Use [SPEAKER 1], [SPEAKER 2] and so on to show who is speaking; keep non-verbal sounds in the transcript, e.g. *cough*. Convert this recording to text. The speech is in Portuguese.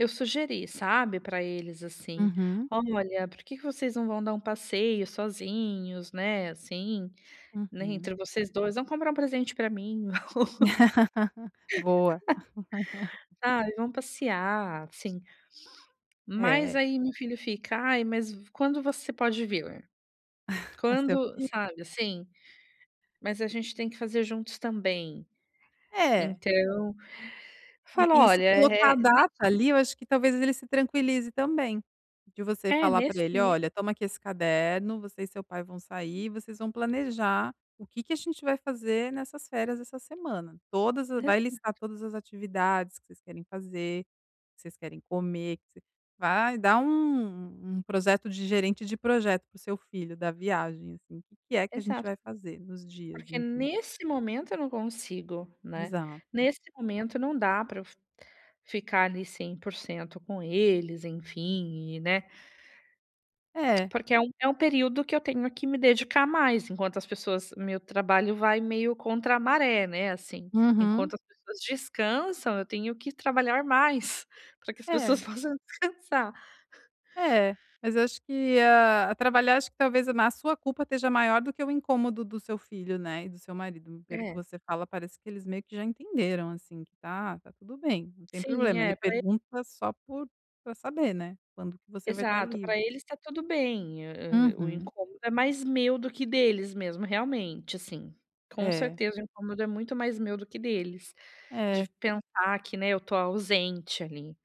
[SPEAKER 1] Eu sugeri, sabe, pra eles, assim:
[SPEAKER 2] Uhum.
[SPEAKER 1] "Olha, por que que vocês não vão dar um passeio sozinhos, né, assim, né,
[SPEAKER 2] Uhum.
[SPEAKER 1] entre vocês 2, vão comprar um presente pra mim.
[SPEAKER 2] *laughs* Boa.
[SPEAKER 1] *laughs*
[SPEAKER 2] *laughs*
[SPEAKER 1] Ai vão passear, assim". Mas
[SPEAKER 2] É.
[SPEAKER 1] aí meu filho fica: "Ai, mas v quando você pode vir?
[SPEAKER 2] *laughs* Seu
[SPEAKER 1] Quando"
[SPEAKER 2] filho
[SPEAKER 1] sabe, assim? Mas a gente tem que fazer juntos também.
[SPEAKER 2] É.
[SPEAKER 1] Então,
[SPEAKER 2] E
[SPEAKER 1] falo:
[SPEAKER 2] e se
[SPEAKER 1] "Olha,
[SPEAKER 2] colocar a
[SPEAKER 1] eh, me"
[SPEAKER 2] data, ali, eu acho que talvez ele se tranquilize também, de você
[SPEAKER 1] É,
[SPEAKER 2] falar pra
[SPEAKER 1] nesse
[SPEAKER 2] ele:
[SPEAKER 1] ne
[SPEAKER 2] "Olha toma aqui esse caderno, você e seu pai vão sair, e vocês vão planejar o que que a gente vai fazer nessas férias essa semana. Todas
[SPEAKER 1] Olha,
[SPEAKER 2] vai listar
[SPEAKER 1] exato.
[SPEAKER 2] todas as atividades que vocês querem fazer, o que vocês querem comer", vai dar um um projeto de gerente de projeto para o seu filho da viagem, assim, "que é que a gente
[SPEAKER 1] Exato.
[SPEAKER 2] vai fazer nos dias",
[SPEAKER 1] Porque
[SPEAKER 2] enfim.
[SPEAKER 1] nesse momento eu não consigo, né,
[SPEAKER 2] Exato.
[SPEAKER 1] nesse momento não dá pra eu fi ficar ali 100% com eles, enfim, e né?
[SPEAKER 2] É.
[SPEAKER 1] Porque é um é um período que eu tenho que me dedicar mais, enquanto as pessoas meu trabalho vai meio contra a maré, né, assim.
[SPEAKER 2] Uhum.
[SPEAKER 1] Enquanto as pessoas descansam, eu tenho que trabalhar mais pra que as pessoas
[SPEAKER 2] É.
[SPEAKER 1] possam descansar.
[SPEAKER 2] É, mas eu acho que, ah, trabalhar acho que talvez na sua culpa esteja maior do que o incômodo do seu filho, né, e do seu marido, pelo que
[SPEAKER 1] É.
[SPEAKER 2] você fala parece que eles meio que já entenderam, assim, que tá tá tudo bem, não tem
[SPEAKER 1] Sim,
[SPEAKER 2] problema.
[SPEAKER 1] é
[SPEAKER 2] Ele
[SPEAKER 1] pra e
[SPEAKER 2] pergunta só por pra saber, né, quando que você vai estar
[SPEAKER 1] Exato, pra
[SPEAKER 2] livre.
[SPEAKER 1] eles tá tudo bem. E, o
[SPEAKER 2] Uhum.
[SPEAKER 1] incômodo é mais meu do que deles mesmo, realmente, assim. Com
[SPEAKER 2] É.
[SPEAKER 1] certeza o incômodo é muito mais meu do que deles,
[SPEAKER 2] É.
[SPEAKER 1] de pensar que, né, eu tô ausente ali.